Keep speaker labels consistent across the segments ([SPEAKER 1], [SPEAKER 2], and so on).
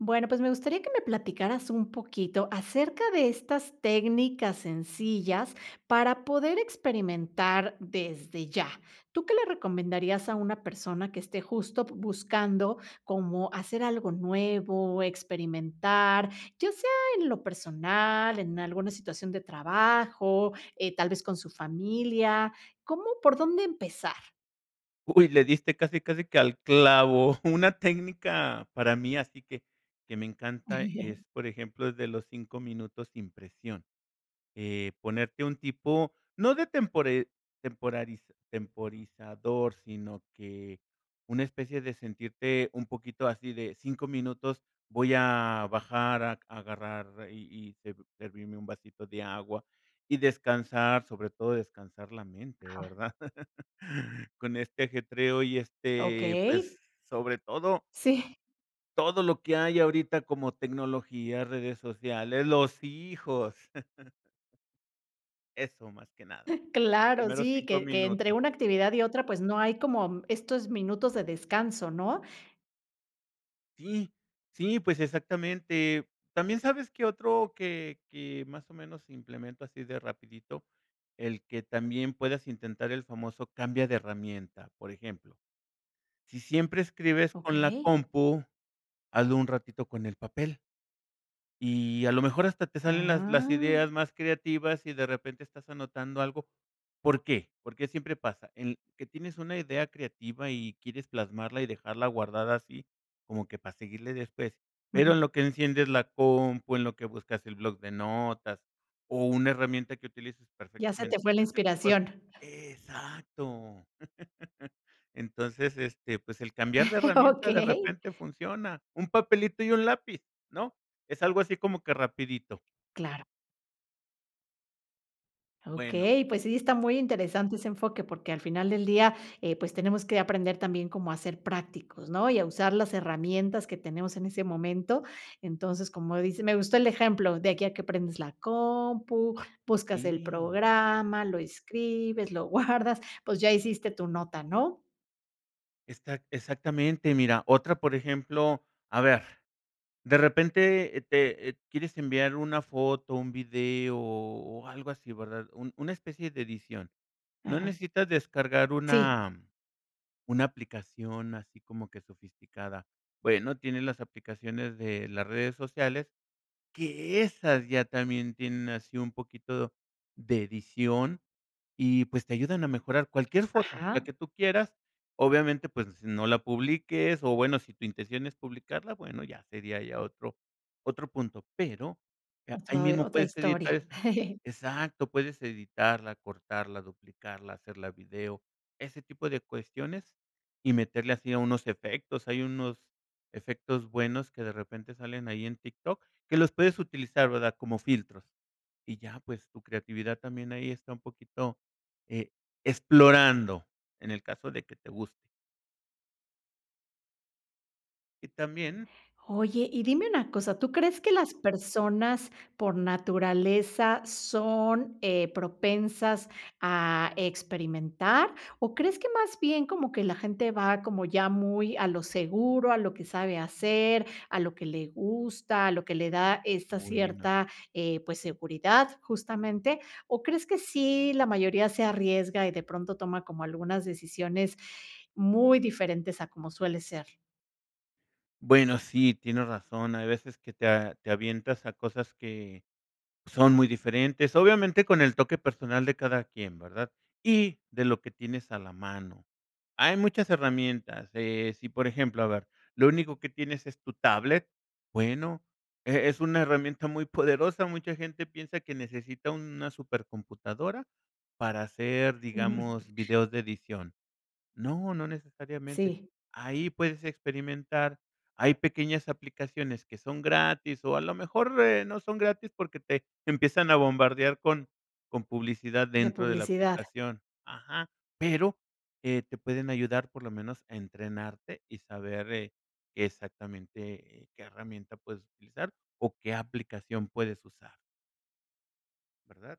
[SPEAKER 1] Bueno, pues me gustaría que me platicaras un poquito acerca de estas técnicas sencillas para poder experimentar desde ya. ¿Tú qué le recomendarías a una persona que esté justo, p buscando como hacer algo nuevo, experimentar, ya sea en lo personal, en alguna situación de trabajo, eh, tal vez con su familia? ¿Cómo por dónde empezar?
[SPEAKER 2] Uy, le diste casi, casi que al clavo. Una técnica para mí así que que me encanta es, por ejemplo, el de los 5 minutos sin presión. Eh, ponerte un tipo, no de tempore temporariz temporarizador, sino, que una especie de sentirte un poquito así de 5 minutos, voy a bajar a agarrar, y y ser servirme un vasito de agua, y descansar, sobre todo descansar la mente,
[SPEAKER 1] Ajá.
[SPEAKER 2] ¿verdad? Con este ajetreo, y, este, pues,
[SPEAKER 1] Okey.
[SPEAKER 2] sobre todo
[SPEAKER 1] Sí.
[SPEAKER 2] todo lo que hay ahorita como tecnología, redes sociales, los hijos. Eso más que nada. Los
[SPEAKER 1] Claro,
[SPEAKER 2] primeros
[SPEAKER 1] sí,
[SPEAKER 2] 5
[SPEAKER 1] que que entre
[SPEAKER 2] minutos.
[SPEAKER 1] una actividad y otra, pues, no hay como estos minutos de descanso, ¿no?
[SPEAKER 2] Sí. Sí, pues, exactamente. También sabes que otro que que, más o menos, si implemento así de rapidito, el que también puedas intentar el famoso "Cambia de herramienta". Por ejemplo, si siempre escribes con la
[SPEAKER 1] Okey.
[SPEAKER 2] compu, hazlo un ratito con el papel. Y a lo mejor hasta te salen las las
[SPEAKER 1] ¡Ah!
[SPEAKER 2] ideas más creativas, y de repente estás anotando algo, ¿por qué? Porque siempre pasa en que tienes una idea creativa, y quieres plasmarla, y dejarla guardada así como que para seguirle después. Pero,
[SPEAKER 1] Ujú.
[SPEAKER 2] en lo que enciendes la compu, en lo que buscas el block de notas, o, una herramienta que utilices
[SPEAKER 1] Ya se te
[SPEAKER 2] perfectamente de
[SPEAKER 1] fue la
[SPEAKER 2] ese tipo
[SPEAKER 1] inspiración.
[SPEAKER 2] Exacto. Entonces, este, pues el cambiar de herramienta de
[SPEAKER 1] Okey.
[SPEAKER 2] repente funciona. Un papelito y un lápiz. ¿no? Es algo así como que rapidito.
[SPEAKER 1] Claro.
[SPEAKER 2] Bueno
[SPEAKER 1] Okey, pues sí, está muy interesante ese enfoque porque al final del día, eh, pues tenemos que aprender también como a ser prácticos, ¿no? Y a usar las herramientas que tenemos en ese momento. Entonces, como dice me gustó el ejemplo de aquí a que prendes la compu, buscas el
[SPEAKER 2] Sí.
[SPEAKER 1] programa, lo escribes, lo guardas, pues, ya hiciste tu nota, ¿no?
[SPEAKER 2] Exac exactamente. Mira otra, por ejemplo, a ver, de repente, eh, te, eh, quieres enviar una foto, un video, o, algo así ¿verdad? Un una especie de edición. No
[SPEAKER 1] Ajá.
[SPEAKER 2] necesitas descargar
[SPEAKER 1] Sí.
[SPEAKER 2] una una aplicación así como que sofisticada. Bueno, tiene las aplicaciones de las redes sociales. Que esas ya también tienen así un poquito de edición, y pues, te ayudan a mejorar cualquier foto, la
[SPEAKER 1] Ajá.
[SPEAKER 2] que tú quieras. Obviamente pues, no la publiques, o, bueno si tu intención es publicarla bueno ya sería ya otro otro punto, pero ahí
[SPEAKER 1] Otro, eh
[SPEAKER 2] mismo
[SPEAKER 1] otra
[SPEAKER 2] puedes editar
[SPEAKER 1] historia.
[SPEAKER 2] esa. Exacto, puedes editarla, cortarla, duplicarla, hacerla video, ese tipo de cuestiones y meterle así a unos efectos. Hay unos efectos buenos que de repente salen ahí en Tik Tok que los puedes utilizar, ¿verdad? Como filtros, y ya pues tu creatividad también ahí está un poquito, eh, explorando en el caso de que te guste. Y también
[SPEAKER 1] Oye, y dime una cosa, ¿tú crees que las personas por naturaleza son, eh, propensas a experimentar? O, ¿crees que más bien como que la gente va como ya muy a lo seguro, a lo que sabe hacer, a lo que le gusta, a lo que le da esta
[SPEAKER 2] Buenos
[SPEAKER 1] cierta, eh, pues, seguridad justamente? O, ¿crees que sí la mayoría se arriesga, y de pronto toma como algunas decisiones muy diferentes a como suele ser?
[SPEAKER 2] Bueno, sí, tienes razón. Hay veces que te a te avientas a cosas que son muy diferentes, obviamente con el toque personal de cada quien, ¿verdad? Y de lo que tienes a la mano. Hay muchas herramientas, eh, si por ejemplo, a ver, lo único que tienes es tu tablet, bueno, e es una herramienta muy poderosa. Mucha gente piensa que necesita una súper computadora para hacer,
[SPEAKER 1] Ujú.
[SPEAKER 2] digamos, videos de edición. No, no necesariamente.
[SPEAKER 1] Sí.
[SPEAKER 2] Ahí puedes experimentar. Hay pequeñas aplicaciones que son gratis, o, a lo mejor, eh, no son gratis porque te te empiezan a bombardear con con publicidad
[SPEAKER 1] De
[SPEAKER 2] dentro de la
[SPEAKER 1] publicidad.
[SPEAKER 2] aplicación. Ajá. Pero, eh, te pueden ayudar por lo menos a entrenarte, y saber, eh, qué exactamente, eh, qué herramienta puedes utilizar, o, qué aplicación puedes usar. ¿Verdad?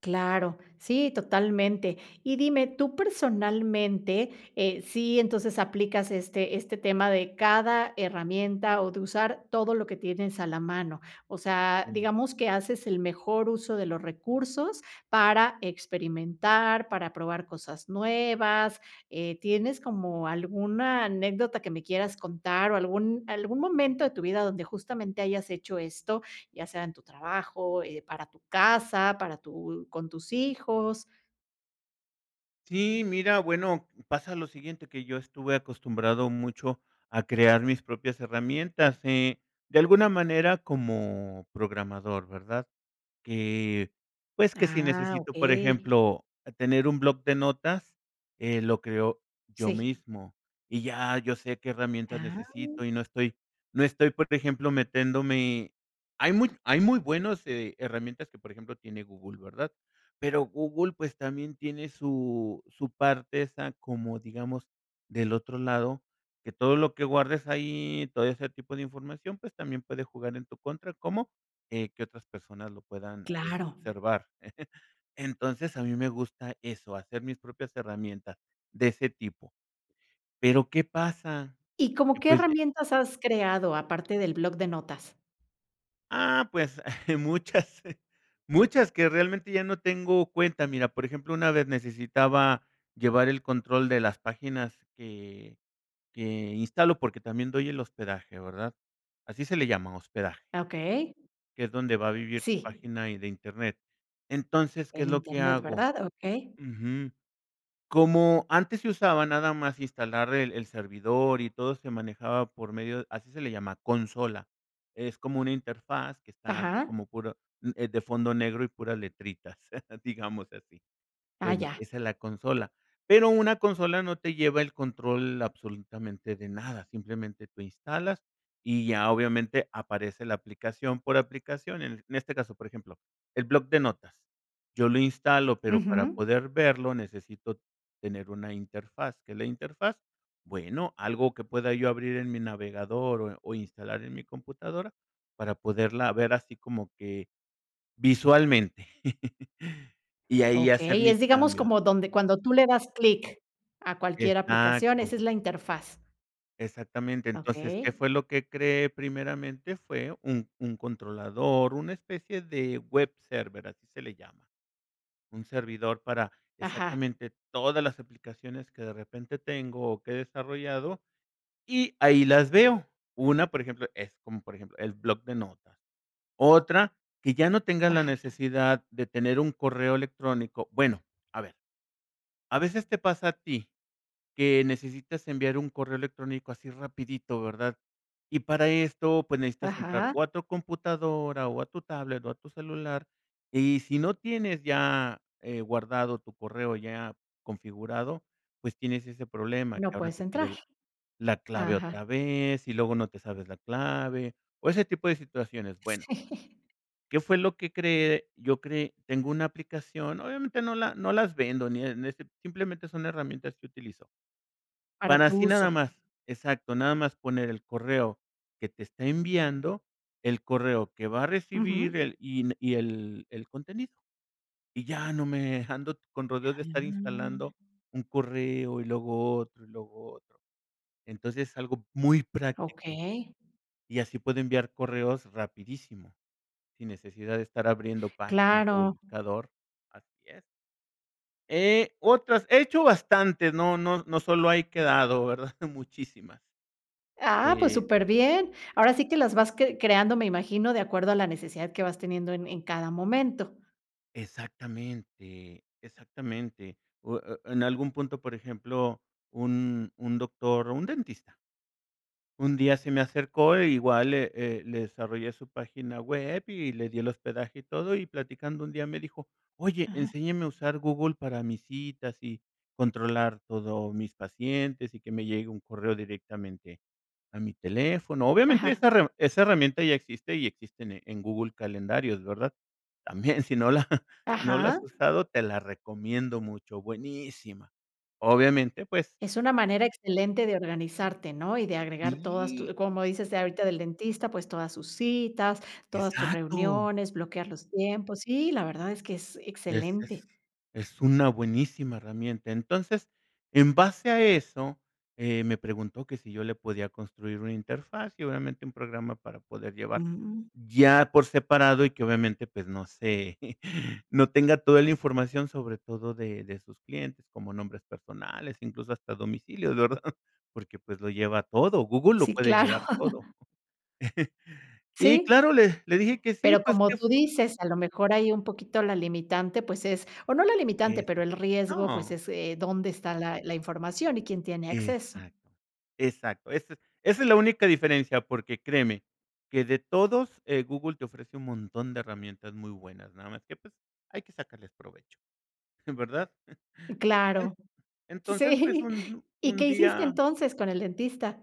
[SPEAKER 1] Claro, sí, totalmente. Y dime, tú personalmente, eh, sí entonces aplicas este este tema de cada herramienta, o de usar todo lo que tienes a la mano. O sea,
[SPEAKER 2] Sí.
[SPEAKER 1] digamos que haces el mejor uso de los recursos para experimentar, para probar cosas nuevas, eh, ¿tienes como alguna anécdota que me quieras contar, o, algún algún momento de tu vida donde justamente hayas hecho esto, ya sea en tu trabajo, eh, para tu casa, para tu con tus hijos?
[SPEAKER 2] Sí, mira, bueno, pasa lo siguiente, que yo estuve acostumbrado mucho a crear mis propias herramientas, eh, de alguna manera como programador, ¿verdad? Que, pues, que si
[SPEAKER 1] Ah,
[SPEAKER 2] necesito, por
[SPEAKER 1] okey.
[SPEAKER 2] ejemplo, tener un bloc de notas, eh, lo creo yo
[SPEAKER 1] Sí.
[SPEAKER 2] mismo. Y ya yo sé qué herramientas
[SPEAKER 1] ¡Ah!
[SPEAKER 2] necesito, y no estoy no estoy, por ejemplo, metiéndome Hay muy hay muy buenos herramientas que, por ejemplo, tiene Google, ¿verdad? Pero Google, pues, también tiene su su parte esa como, digamos, del otro lado, que todo lo que guardes ahí, todo ese tipo de información, pues, también puede jugar en tu contra. ¿Cómo? Eh, que otras personas lo puedan, eh,
[SPEAKER 1] Claro.
[SPEAKER 2] observar. Entonces a mí me gusta eso, hacer mis propias herramientas, de ese tipo. Pero, ¿qué pasa?
[SPEAKER 1] ¿Y como
[SPEAKER 2] Que
[SPEAKER 1] qué
[SPEAKER 2] pues, eh
[SPEAKER 1] herramientas has creado aparte del bloc de notas?
[SPEAKER 2] Ah, pues muchas muchas que realmente ya no tengo cuenta. Mira, por ejemplo, una vez necesitaba llevar el control de las páginas que que instalo, porque también doy el hospedaje, ¿verdad? Así se le llama, hospedaje
[SPEAKER 1] Ah, okey.
[SPEAKER 2] que es donde va a vivir tu
[SPEAKER 1] Sí.
[SPEAKER 2] página, y de Internet. Entonces, ¿qué
[SPEAKER 1] En
[SPEAKER 2] es lo que
[SPEAKER 1] internet,
[SPEAKER 2] hago?
[SPEAKER 1] ¿verdad? Okey.
[SPEAKER 2] Ujú. Como antes se usaba nada más instalar el el servidor, y todo se manejaba por medio así se le llama, consola. Es como una interfaz que está así
[SPEAKER 1] Ajá.
[SPEAKER 2] como puro eh, de fondo negro, y puras letritas, digamos así.
[SPEAKER 1] Ah,
[SPEAKER 2] Bueno,
[SPEAKER 1] ya.
[SPEAKER 2] esa es la consola. Pero una consola no te lleva el control absolutamente de nada, simplemente tú instalas, y ya obviamente aparece la aplicación por aplicación. En este caso, por ejemplo, el bloc de notas. Yo lo instalo, pero para
[SPEAKER 1] Ujú.
[SPEAKER 2] poder verlo necesito tener una interfaz, ¿qué es la interfaz? Bueno, algo que pueda yo abrir en mi navegador, o o instalar en mi computadora para poderla ver así como que visualmente, y ahí hacer
[SPEAKER 1] Okey,
[SPEAKER 2] mis
[SPEAKER 1] es digamos
[SPEAKER 2] cambios.
[SPEAKER 1] como donde, cuando tú le das clic a cualquier aplicación,
[SPEAKER 2] Exacto.
[SPEAKER 1] esa es la interfaz.
[SPEAKER 2] Exactamente, entonces, ¿qué
[SPEAKER 1] Okey.
[SPEAKER 2] fue lo que creé? Primeramente fue un un controlador, una especie de web server, así se le llama. Un servidor para
[SPEAKER 1] Ajá.
[SPEAKER 2] exactamente todas las aplicaciones que de repente tengo, o que he desarrollado, y ahí las veo. 1, por ejemplo, es como, por ejemplo, el bloc de notas. Otra, que ya no tengas la
[SPEAKER 1] Ajá.
[SPEAKER 2] necesidad de tener un correo electrónico. Bueno, a ver, a veces te pasa a ti, que necesitas enviar un correo electrónico así rapidito, ¿verdad? Y para esto, pues, necesitas entrar,
[SPEAKER 1] Ajá.
[SPEAKER 2] o, a tu computadora, o, a tu tablet, o, a tu celular, y si no tienes ya, eh, guardado tu correo ya configurado, pues, tienes ese problema que
[SPEAKER 1] No
[SPEAKER 2] ahora
[SPEAKER 1] puedes
[SPEAKER 2] te
[SPEAKER 1] entrar.
[SPEAKER 2] pide, la clave
[SPEAKER 1] Ajá.
[SPEAKER 2] otra vez, y luego no te sabes la clave, o, ese tipo de situaciones. Bueno
[SPEAKER 1] Sí.
[SPEAKER 2] ¿qué fue lo que creé? Yo creé Tengo una aplicación, obviamente no la no las vendo ni en ese simplemente son herramientas que utilizo.
[SPEAKER 1] Para
[SPEAKER 2] Para
[SPEAKER 1] tu
[SPEAKER 2] así nada
[SPEAKER 1] uso.
[SPEAKER 2] más. Exacto, nada más poner el correo que te está enviando, el correo que va a recibir
[SPEAKER 1] Ujú.
[SPEAKER 2] el y y el el contenido. Y ya no me ando con rodeos de estar
[SPEAKER 1] Ah.
[SPEAKER 2] instalando un correo, y luego otro, y luego otro. Entonces, es algo muy práctico,
[SPEAKER 1] Okey.
[SPEAKER 2] y así puedo enviar correos rapidísimo, sin necesidad de estar abriendo páginas, [unintelligible]
[SPEAKER 1] Claro.
[SPEAKER 2] buscador. Así es. Eh, otras. He hecho bastantes, no no no solo hay quedado, ¿verdad? Muchísimas.
[SPEAKER 1] Ah, pues,
[SPEAKER 2] Eh
[SPEAKER 1] superbien, ahora sí que las vas cre creando me imagino de acuerdo a la necesidad que vas teniendo en en cada momento.
[SPEAKER 2] Exactamente, exactamente. U e e en algún punto, por ejemplo, un un doctor, o, un dentista. Un día se me acercó, e, igual le eh, le desarrollé su página web, y le di el hospedaje y todo, y platicando un día me dijo: "Oye,
[SPEAKER 1] Ajá.
[SPEAKER 2] enséñeme a usar Google para mis citas, y controlar todo mis pacientes, y que me llegue un correo directamente a mi teléfono". Obviamente,
[SPEAKER 1] Ajá.
[SPEAKER 2] esa re esa herramienta ya existe, y existen en Google calendarios, ¿verdad? También, si no la si no la
[SPEAKER 1] Ajá.
[SPEAKER 2] has usado, te la recomiendo mucho, buenísima. Obviamente, pues
[SPEAKER 1] Es una manera excelente de organizarte, ¿no? Y de agregar todas tu
[SPEAKER 2] Sí.
[SPEAKER 1] como dices ahorita del dentista, pues, todas sus citas, todas tus
[SPEAKER 2] Exacto.
[SPEAKER 1] reuniones, bloquear los tiempos. Sí, la verdad es que es
[SPEAKER 2] Es es
[SPEAKER 1] excelente.
[SPEAKER 2] es una buenísima herramienta. Entonces, en base a eso, eh, me preguntó que si yo le podía construir una interfaz, y, obviamente, un programa para poder llevar,
[SPEAKER 1] Mm.
[SPEAKER 2] ya por separado, y que obviamente, pues, no se, no tenga toda la información, sobre todo de de sus clientes, como nombres personales, incluso, hasta domicilios, ¿verdad? Porque, pues, lo lleva todo Google, lo
[SPEAKER 1] Sí,
[SPEAKER 2] puede
[SPEAKER 1] claro.
[SPEAKER 2] llevar todo. Y
[SPEAKER 1] Sí.
[SPEAKER 2] claro le le dije que sí,
[SPEAKER 1] Pero
[SPEAKER 2] pues,
[SPEAKER 1] como
[SPEAKER 2] que es
[SPEAKER 1] tú dices, a lo mejor hay un poquito la limitante, pues es o no la limitante,
[SPEAKER 2] Eso.
[SPEAKER 1] pero el riesgo, pues
[SPEAKER 2] No.
[SPEAKER 1] es, eh, dónde está la la información y quién tiene acceso.
[SPEAKER 2] Exacto. Exacto. Ese esa es la única diferencia porque, créeme que de todos, eh, Google te ofrece un montón de herramientas muy buenas, nada más que, pues, hay que sacarles provecho. Eh, ¿verdad?
[SPEAKER 1] Claro.
[SPEAKER 2] En entonces, pues,
[SPEAKER 1] Sí.
[SPEAKER 2] un
[SPEAKER 1] ¿Y
[SPEAKER 2] un
[SPEAKER 1] qué hiciste
[SPEAKER 2] día
[SPEAKER 1] entonces con el dentista?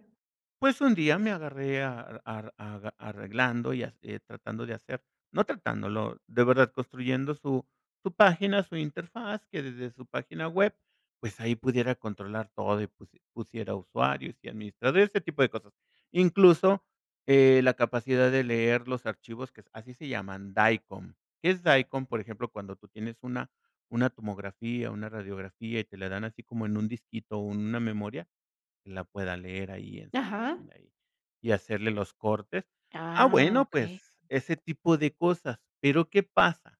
[SPEAKER 2] pues un día me agarré a a a arreglando, y tratando de hacer, no tratándolo, de verdad construyendo su su página, su interfaz, que desde su página web, pues, ahí pudiera controlar todo y pus pusiera usuarios, y administrador, este tipo de cosas. Incluso, eh, la capacidad de leer los archivos, que así se llaman, DICOM. ¿Qué es DICOM? Por ejemplo, cuando tú tienes una una tomografía, una radiografía, y te la dan así como en un disquito, o, en una memoria, la pueda leer ahí en su
[SPEAKER 1] Ajá.
[SPEAKER 2] página ahí, y hacerle los cortes. Ah,
[SPEAKER 1] Ah,
[SPEAKER 2] bueno,
[SPEAKER 1] okey.
[SPEAKER 2] pues ese tipo de cosas, pero, ¿qué pasa?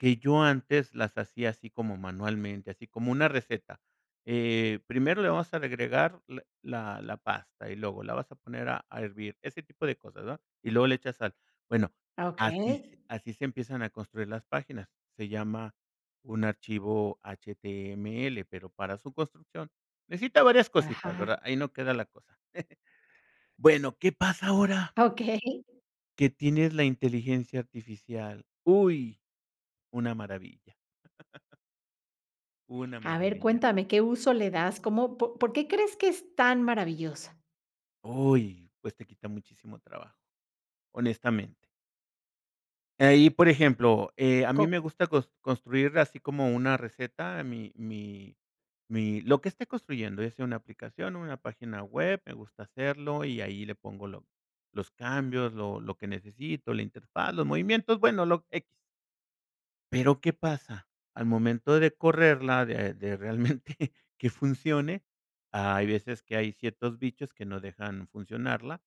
[SPEAKER 2] Que yo antes las hacía así como manualmente, así como una receta. Eh, primero le vamos a agregar la la la pasta, y luego la vas a poner a a hervir. Ese tipo de cosas, ¿no? Y luego le echas sal. Bueno,
[SPEAKER 1] Ah,
[SPEAKER 2] así
[SPEAKER 1] okey.
[SPEAKER 2] así se empiezan a construir las páginas. Se llama un archivo HTML, pero para su construcción necesita varias cositas,
[SPEAKER 1] Ajá.
[SPEAKER 2] ¿verdad? Ahí no queda la cosa. Bueno, ¿qué pasa ahora?
[SPEAKER 1] Okey.
[SPEAKER 2] Que tienes la inteligencia artificial. Uy, una maravilla. Una
[SPEAKER 1] A ver,
[SPEAKER 2] maravilla.
[SPEAKER 1] cuéntame, ¿qué uso le das? ¿Cómo? ¿Po por qué crees que es tan maravillosa?
[SPEAKER 2] Uy. Pues te quita muchísimo trabajo. Honestamente. Ahí, por ejemplo, eh, a mí me
[SPEAKER 1] Como.
[SPEAKER 2] gusta cos construir así como una receta, mi mi mi lo que esté construyendo, ya sea una aplicación o una página web, me gusta hacerlo y ahí le pongo lo los cambios, lo lo que necesito, la interfaz, los movimientos, bueno, lo X. Pero, ¿qué pasa? Al momento de correrla, de de realmente que funcione, hay veces que hay ciertos bichos que no dejan funcionarla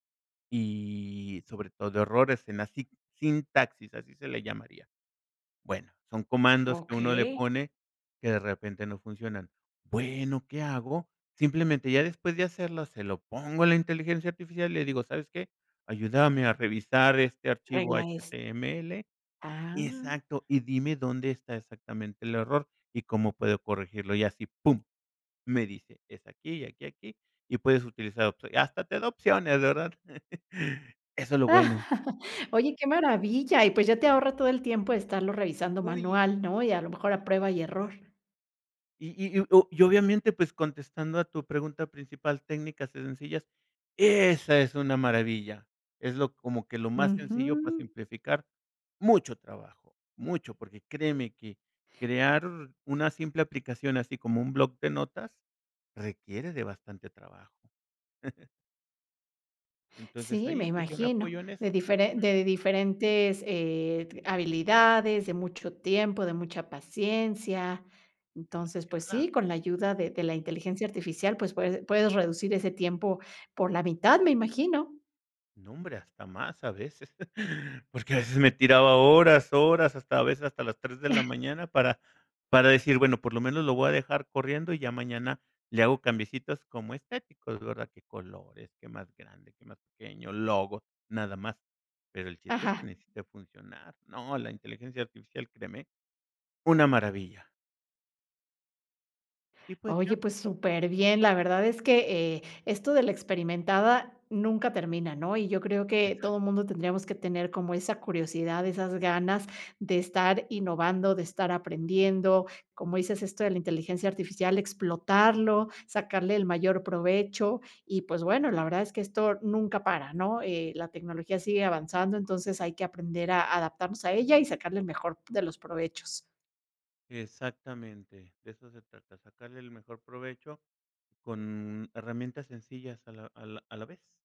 [SPEAKER 2] y sobre todo errores en la sit sintaxis, así se le llamaría. Bueno, son comandos que uno le
[SPEAKER 1] Okey.
[SPEAKER 2] pone que de repente no funcionan. Bueno, ¿qué hago? Simplemente ya después de hacerlo se lo pongo a la inteligencia artificial y le digo, ¿sabes qué? Ayúdame a revisar este archivo
[SPEAKER 1] Regla es.
[SPEAKER 2] H-T-M-L
[SPEAKER 1] Ah.
[SPEAKER 2] exacto. Y dime dónde está exactamente el error y cómo puedo corregirlo. Y así, pum, me dice: "Es aquí y aquí, aquí y puedes utilizar otro". Hasta te da opciones, ¿verdad? Eso es lo bueno.
[SPEAKER 1] Oye, qué maravilla, y pues ya te ahorra todo el tiempo de estarlo revisando
[SPEAKER 2] Uy.
[SPEAKER 1] manual, ¿no? Y a lo mejor a prueba
[SPEAKER 2] Sí.
[SPEAKER 1] y error.
[SPEAKER 2] Y y y o y obviamente, pues, contestando a tu pregunta principal, técnicas sencillas esa es una maravilla. Es lo como que lo más sencillo para
[SPEAKER 1] Ujú.
[SPEAKER 2] simplificar mucho trabajo, mucho, porque créeme que crear una simple aplicación, así como un block de notas, requiere de bastante trabajo. Entonces,
[SPEAKER 1] Sí, me
[SPEAKER 2] ahí, pues, yo me
[SPEAKER 1] imagino,
[SPEAKER 2] apoyo en
[SPEAKER 1] de
[SPEAKER 2] eso.
[SPEAKER 1] diferen
[SPEAKER 2] Ujú.
[SPEAKER 1] de diferentes, eh, t habilidades, de mucho tiempo, de mucha paciencia. Entonces, pues sí,
[SPEAKER 2] Demasiada.
[SPEAKER 1] con la ayuda de de la inteligencia artificial, pues, puese puedes reducir ese tiempo por la mitad, me imagino.
[SPEAKER 2] No hombre, hasta más a veces, porque a veces me tiraba horas, horas, hasta a veces hasta las 3 de la mañana para para decir, bueno, por lo menos lo voy a dejar corriendo y ya mañana le hago cambiecitos como estéticos, ¿verdad?, qué colores, qué más grande, qué más pequeño, logo, nada más, pero el chiste es que
[SPEAKER 1] Ajá.
[SPEAKER 2] necesite funcionar. No, la inteligencia artificial, créeme, una maravilla. Y pues
[SPEAKER 1] Oye,
[SPEAKER 2] ya.
[SPEAKER 1] pues súper bien, la verdad es que, eh, esto de la experimentada nunca termina, ¿no? Y yo creo que
[SPEAKER 2] Exacto.
[SPEAKER 1] todo mundo tendríamos que tener como esa curiosidad, esas ganas de estar innovando, de estar aprendiendo, como dices, esto de la inteligencia artificial, explotarlo, sacarle el mayor provecho y, pues bueno, la verdad es que esto nunca para, ¿no? Eh, la tecnología sigue avanzando, entonces hay que aprender a adaptarnos a ella y sacarle el mejor de los provechos.
[SPEAKER 2] Exactamente, de eso se trata, sacarle el mejor provecho con herramientas sencillas a la a la a la vez.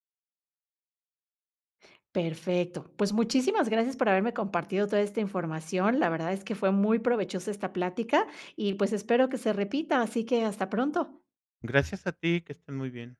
[SPEAKER 1] Perfecto, pues muchísimas gracias por haberme compartido toda esta información, la verdad es que fue muy provechosa esta plática y, pues, espero que se repita, así que hasta pronto.
[SPEAKER 2] Gracias a ti, que estés muy bien.